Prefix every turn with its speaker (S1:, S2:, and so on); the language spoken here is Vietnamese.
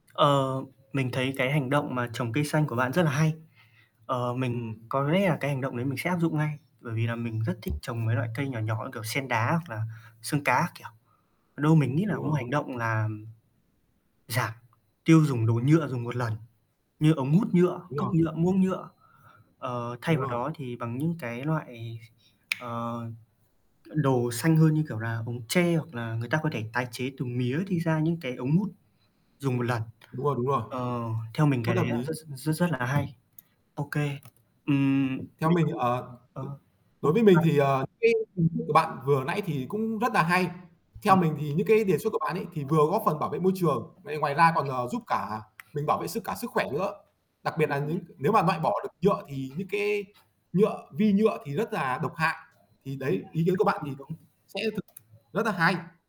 S1: Ờ, mình thấy cái hành động mà trồng cây xanh của bạn rất là hay. Ờ, mình
S2: Ừm.
S1: có rẽ là cái hành động đấy mình sẽ áp dụng ngay, bởi vì là mình rất thích trồng mấy loại cây nhỏ nhỏ như kiểu sen đá hoặc là xương cá các kiểu. Đâu mình nghĩ là
S2: Đúng
S1: một
S2: rồi,
S1: hành
S2: đúng.
S1: động làm giảm tiêu dùng đồ nhựa dùng một lần, như ống hút nhựa,
S2: Đúng
S1: cốc
S2: rồi.
S1: nhựa, muỗng nhựa, ờ, thay
S2: Đúng
S1: vào
S2: rồi.
S1: đó thì bằng những cái loại, ờ, đồ xanh hơn như kiểu là ống tre hoặc là người ta có thể tái chế từ mía thì ra những cái ống hút dùng một lần.
S2: Đúng rồi, đúng rồi.
S1: Ờ, theo mình
S2: Rất
S1: cái đấy
S2: hợp
S1: là rất
S2: lý.
S1: rất rất rất là hay. OK, ừm,
S2: Theo
S1: mình
S2: mình,
S1: cũng
S2: ờ
S1: ờ, OK
S2: đối với mình
S1: bạn.
S2: thì, ờ, cái kiến thức của bạn vừa nãy thì cũng rất nà hay. Theo
S1: Ừm.
S2: mình thì những cái đề xuất của bạn ấy thì vừa góp phần bảo vệ môi trường, vậy ngoài ra còn, ờ, giúp cả mình bảo vệ sức cả sức khỏe nữa. Đặc biệt là
S1: Ừm.
S2: những nếu mà loại bỏ được nhựa thì những cái nhựa, vi nhựa thì rất là độc hại. Thì
S1: Ừm,
S2: đấy, ý kiến của
S1: [unintelligible]
S2: bạn thì
S1: cũng đúng.
S2: sẽ thực rất là hay.